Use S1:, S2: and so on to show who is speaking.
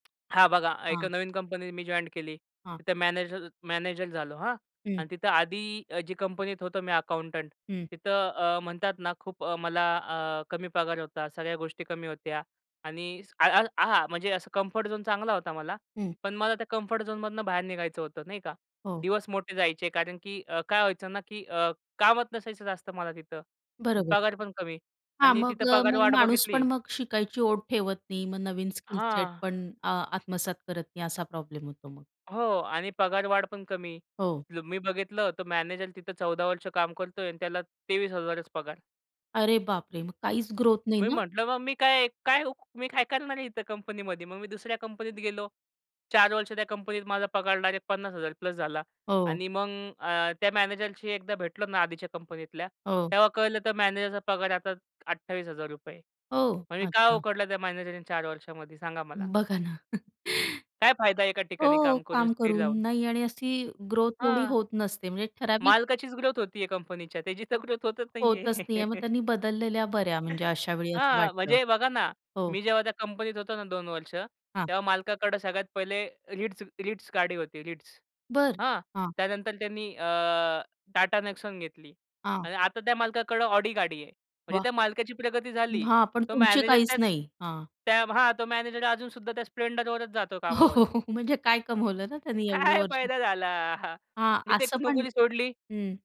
S1: हां बघा, एक अ,
S2: हां.
S1: नवीन कंपनी मी जॉइंट केली.
S2: हां.
S1: तिथं मॅनेजर मॅनेजर झालो, हां?
S2: हं.
S1: आणि तिथं आधी अ, जी कंपनीत होतो मी अकाउंटंट,
S2: हं.
S1: तिथं अ, म्हणतात ना, खूप अ, मला अ, कमी पगार होता. सगळ्या गोष्टी कमी होत्या आणि स अ, अ, आ हां, म्हणजे असं कम्फर्ट झोन चांगला होता मला,
S2: हं.
S1: पण मला त्या कम्फर्ट झोनमधनं बाहेर निघायचं होतं, नाही का?
S2: हो.
S1: दिवस मोठे जायचे कारण, की अ, काय व्हायचं ना की अ, कामच नसायचं जास्त मला तिथं. अन्
S2: बरोबर.
S1: पगार पण कमी
S2: हां.
S1: आणि
S2: मग
S1: तिथं
S2: अ, मग
S1: पगारवाढ
S2: माणूस
S1: बघितली
S2: पण मग शिकायची ओढ ठेवत नाही. मग नवीन स्किल-सेट
S1: हां.
S2: पण आ, आत्मसात करत नाही असा प्रॉब्लेम होतो मग.
S1: हो आणि पगारवाढ पण कमी.
S2: हो.
S1: ल मी बघितलं तर मॅनेजर तिथं 14 वर्ष काम करतोय आणि त्याला 23,000च पगार.
S2: अरे बापरे! मग काहीच ग्रोथ नाही
S1: मी
S2: ना?
S1: म्हटलं मग मी काय, काय उ मी काय करणार आहे इथं कंपनीमध्ये. मग मी दुसऱ्या कंपनीत गेलो. 4 वर्ष त्या कंपनीत माझा पगार डायरेक्ट 50,000 प्लस झाला.
S2: हो.
S1: आणि मग अ, त्या मॅनेजरशी एकदा भेटलो ना आधीच्या कंपनीतल्या,
S2: हो.
S1: तेव्हा कळलं तर मॅनेजरचा पगार आता ₹28,000
S2: हो.
S1: म्हणजे काय
S2: अच्छा.
S1: उखडलं त्या मॅनेजरनी 4 वर्षामध्ये सांगा मला?
S2: बघा ना.
S1: काय फायदा आहे एका ठिकाणी
S2: हो,
S1: काम करून,
S2: काम
S1: स्थिर
S2: करून.
S1: राहून?
S2: नाही आणि अशी ग्रोथ एवढी
S1: हां.
S2: होत नसते, म्हणजे ठराविक
S1: मालकाचीच ग्रोथ होती आहे कंपनीच्या, त्याची तर ग्रोथ होतच नाही
S2: होतच
S1: आहे.
S2: नाही आहे. मग त्यांनी बदललेल्या बऱ्या म्हणजे अशावेळी असं
S1: हां,
S2: वाटतं.
S1: म्हणजे बघा ना.
S2: हो.
S1: मी जेव्हा त्या कंपनीत होतो ना 2 वर्ष,
S2: हां.
S1: तेव्हा मालकाकडं सगळ्यात पहिले Ritz Ritz गाडी होती. Ritz,
S2: बरं.
S1: हां?
S2: हां.
S1: त्यानंतर त्यांनी अ, टाटा नेक्सॉन घेतली
S2: हां.
S1: आणि आता त्या मालकाकडं ऑडी गाडी आहे. म्हणजे
S2: वाह!
S1: त्या मालकाची प्रगती झाली.
S2: हां पण
S1: तो
S2: तुमची
S1: मॅनेजर
S2: काहीच
S1: त्याच
S2: नाही. हां.
S1: त्या हां. तो मॅनेजर अजून सुद्धा त्या स्प्लेंडरवरच जातो
S2: हो,
S1: कामावर.
S2: हो, हो. म्हणजे काय कमवलं ना, त्याने एवढं
S1: काय
S2: वर्ष?
S1: फायदा झाला हा?
S2: हां,
S1: मी ते
S2: असं पण
S1: नोकरी सोडली
S2: हं.